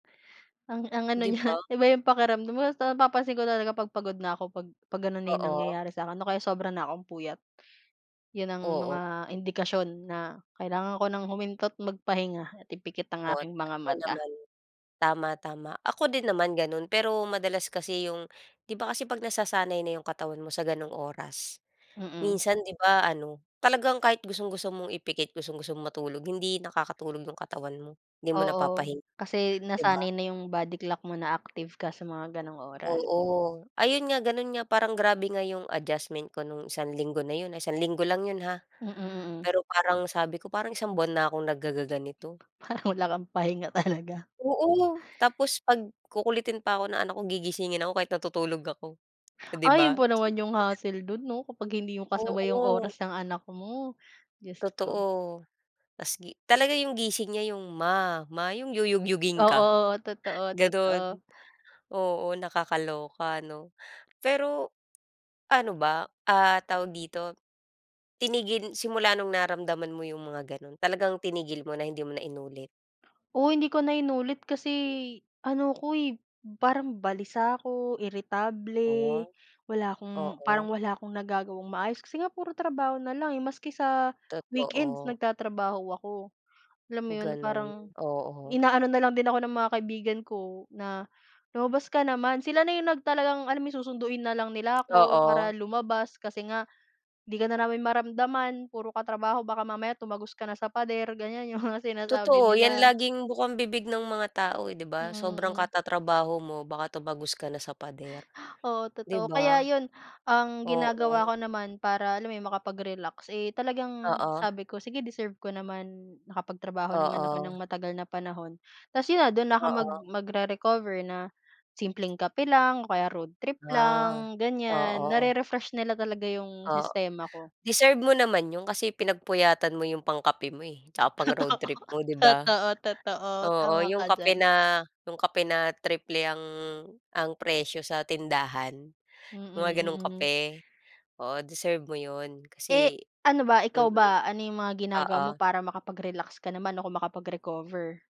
Ang ang ano Di niya, ba. iba 'yong pakiramdam mo, basta napapansin ko talaga 'pag pagod na ako 'pag 'pag gano'n na 'yong Oo. nangyayari sa 'kin, o kaya sobra na 'kong puyat. 'Yon ang Oo. mga indikasyon na kailangan ko nang huminto't magpahinga at ipikit ang Oo, aking mga tama mata. naman. Tama, tama. Ako din naman gano'n pero madalas kasi 'yong 'di ba kasi 'pag nasasanay na 'yong katawan mo sa gano'ng oras, Mm. minsan, 'di ba, ano, talagang kahit gustong-gusto mong ipikit, gustong-gusto mong matulog, hindi nakakatulog 'yong katawan mo. Hindi mo Oo, napapahinga, kasi 'di ba? nasanay na 'yong body clock mo, na active ka sa mga gano'ng oras. Oo, ayun nga, gano'n nga. Parang grabe nga 'yong adjustment ko no'ng isang linggo na 'yon, ah, isang linggo lang 'yon, ha. Mm, mm. Pero parang sabi ko parang isang buwan na akong naggagaganito. Parang wala kang pahinga talaga. Oo, tapos 'pag kukulitin pa ako ng anak ko, gigisingin ako kahit natutulog ako. Oh, 'di Ay, 'yon ba? pa naman Isipin 'yong mo 'yan. hassle do'n, 'no? Kapag hindi 'yong kasabay 'yong Oo. oras ng anak mo, Diyos ko. Totoo. Tas gi Talaga 'yong gising niya 'yong, "Ma, ma." 'Yong yuyugyugin ka. Oo, totoo, Gano'n. totoo. Oo, nakakaloka, ano. Pero ano ba, ah tawag dito. Tinigil simula no'ng nararamdaman mo 'yong mga gano'n, talagang tinigil mo na, hindi mo na inulit? Oo, hindi ko na inulit kasi ano ako, eh, parang balisa ako, Oh. iritable, wala akong parang Oo. wala akong nagagawang maayos. Kasi nga puro trabaho na lang, eh, maski sa weekends Totoo. nagtatrabaho ako. Alam mo 'yon, na parang Gano'n, oo. inaano na lang din ako ng mga kaibigan ko na, "Lumabas ka naman." Sila na 'yong nag talagang alam mo 'yong susunduin na lang nila ako Oo. para lumabas, kasi nga, "'Di ka na namin maramdaman. Puro ka trabaho. Baka mamaya tumagos ka na sa pader." Ganiyan 'yong mga sinasabi Totoo. 'Yan, nila. laging bukambibig ng mga tao, eh, 'di ba? Sobrang Mm. katatrabaho mo, baka tumagos ka na sa pader, Oo, 'di totoo. Kaya ba? 'yon. Ang Oo. ginagawa ko naman para, alam mo 'yon, makapag-relax, eh, talagang Oo. sabi ko, "Sige deserve ko naman. Nakapagtrabaho naman ako Oo. nang matagal na panahon." Tas 'yon na, do'n na ako mag Oo. magre-recover na simpleng kape lang o kaya road trip Ah, lang, ganiyan. oo. Nare-refresh nila talaga 'yong Oh, sistema ko. deserve mo naman 'yon kasi pinagpuyatan mo 'yong pangkape mo, eh, 'tsaka pang Totoo. road trip mo, 'di ba. Totoo, totoo, Oo, tama 'yong ka kape diyan. na 'yong kape na triple ang ang presyo sa tindahan, Mm, mga gano'ng mm. kape. Oo, deserve mo 'yon Eh, kasi ano ba, ikaw mm, ba, ano 'yong mga ginagawa mo oo. para makapag-relax ka naman o kung makapag-recover?